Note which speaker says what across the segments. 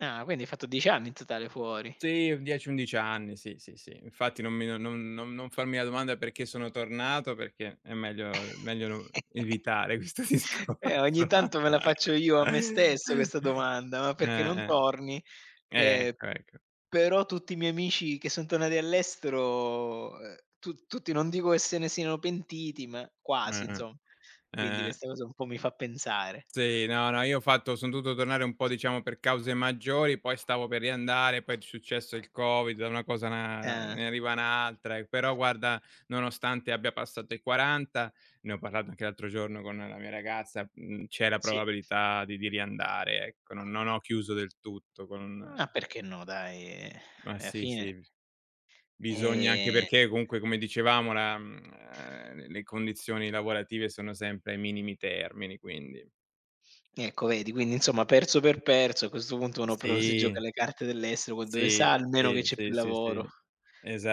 Speaker 1: Ah, quindi hai fatto 10 anni in totale fuori?
Speaker 2: Sì, 10, 11 anni, sì, sì, sì. Infatti non mi non non non farmi la domanda: perché sono tornato, perché è meglio meglio no evitare questo
Speaker 1: Eh,
Speaker 2: discorso.
Speaker 1: ogni tanto me la faccio io a me stesso questa domanda:" Ma perché non
Speaker 2: Eh,
Speaker 1: torni?"
Speaker 2: eh,
Speaker 1: Ehm,
Speaker 2: ecco ecco.
Speaker 1: però tutti i miei amici che son tornati dall'estero, ehm tut tutti non dico che se ne siano pentiti, ma quasi
Speaker 2: Eh
Speaker 1: insomma.
Speaker 2: eh,
Speaker 1: Quindi
Speaker 2: eh.
Speaker 1: questa cosa un po' mi fa pensare.
Speaker 2: Sì, no, no, io ho fatto son dovuto tornare un po' diciamo per cause maggiori, poi stavo per riandare, poi è successo il Covid, da una cosa, ehm, na
Speaker 1: Ah.
Speaker 2: ne arriva un'altra, però guarda, nonostante abbia passato i 40, ne ho parlato anche l'altro giorno con la mia ragazza, mhmm, c'è la
Speaker 1: Sì!
Speaker 2: probabilità di di riandare ecco. Non ho chiuso del tutto con
Speaker 1: Ma perché no dai,
Speaker 2: Ma
Speaker 1: alla
Speaker 2: sì sì,
Speaker 1: fine.
Speaker 2: bis bisogna anche
Speaker 1: Ehm.
Speaker 2: perché comunque come dicevamo, la ehm, le condizioni lavorative sono sempre ai minimi termini quindi.
Speaker 1: Ecco vedi, quindi insomma perso per perso, a questo punto uno però si gioca
Speaker 2: Sì
Speaker 1: le carte dell'estero con dove
Speaker 2: Sì,
Speaker 1: sa almeno che
Speaker 2: sì,
Speaker 1: c'è più
Speaker 2: sì, sì,
Speaker 1: lavoro.
Speaker 2: sì,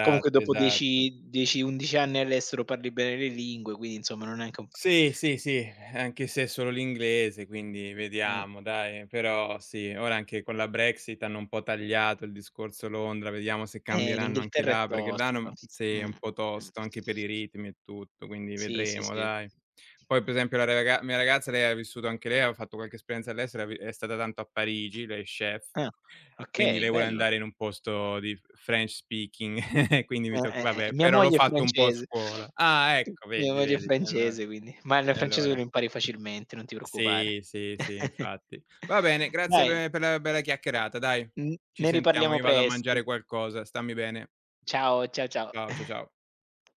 Speaker 1: Comunque dopo
Speaker 2: esatto.
Speaker 1: dieci dieci, 11 anni all'estero parli bene le lingue, quindi insomma non è neanche un p
Speaker 2: Sì, sì, sì, anche se è solo l'inglese, quindi
Speaker 1: Mh.
Speaker 2: vediamo dai. Però sì, ora anche con la Brexit hanno un po' tagliato il discorso Londra, vediamo se
Speaker 1: Eh,
Speaker 2: cambieranno anche
Speaker 1: l'Inghilterra è
Speaker 2: là, perché là
Speaker 1: tosta
Speaker 2: non sì,
Speaker 1: mh,
Speaker 2: è
Speaker 1: mh.
Speaker 2: un po' tosto anche per i ritmi e tutto, quindi
Speaker 1: Sì, sì,
Speaker 2: vedremo
Speaker 1: sì.
Speaker 2: dai. Poi per esempio la raga la mia ragazza, lei ha vissuto anche lei aveva fatto qualche esperienza all'estero, ha vi è stata tanto a Parigi, lei è chef,
Speaker 1: Ah
Speaker 2: quindi
Speaker 1: okay,
Speaker 2: lei vuole
Speaker 1: bello.
Speaker 2: andare in un posto di f french speaking, quindi mi
Speaker 1: Eh,
Speaker 2: tocca
Speaker 1: eh, eh,
Speaker 2: vabbè,
Speaker 1: mia
Speaker 2: però l'ho
Speaker 1: moglie è
Speaker 2: fatto un po' a
Speaker 1: francese.
Speaker 2: scuola. Ah ecco
Speaker 1: Mia
Speaker 2: vedi
Speaker 1: moglie è
Speaker 2: vedi e allora,
Speaker 1: francese quindi ma il
Speaker 2: e
Speaker 1: francese
Speaker 2: allora.
Speaker 1: lo impari facilmente, non ti preoccupare.
Speaker 2: Sì, sì, sì infatti. Va bene grazie
Speaker 1: Dai.
Speaker 2: pe per la bella chiacchierata dai,
Speaker 1: N
Speaker 2: ci
Speaker 1: ne
Speaker 2: sentiamo,
Speaker 1: riparliamo
Speaker 2: io vado a mangiare
Speaker 1: presto.
Speaker 2: qualcosa, stammi bene.
Speaker 1: Ciao ciao ciao.
Speaker 2: Ciao, cia ciao.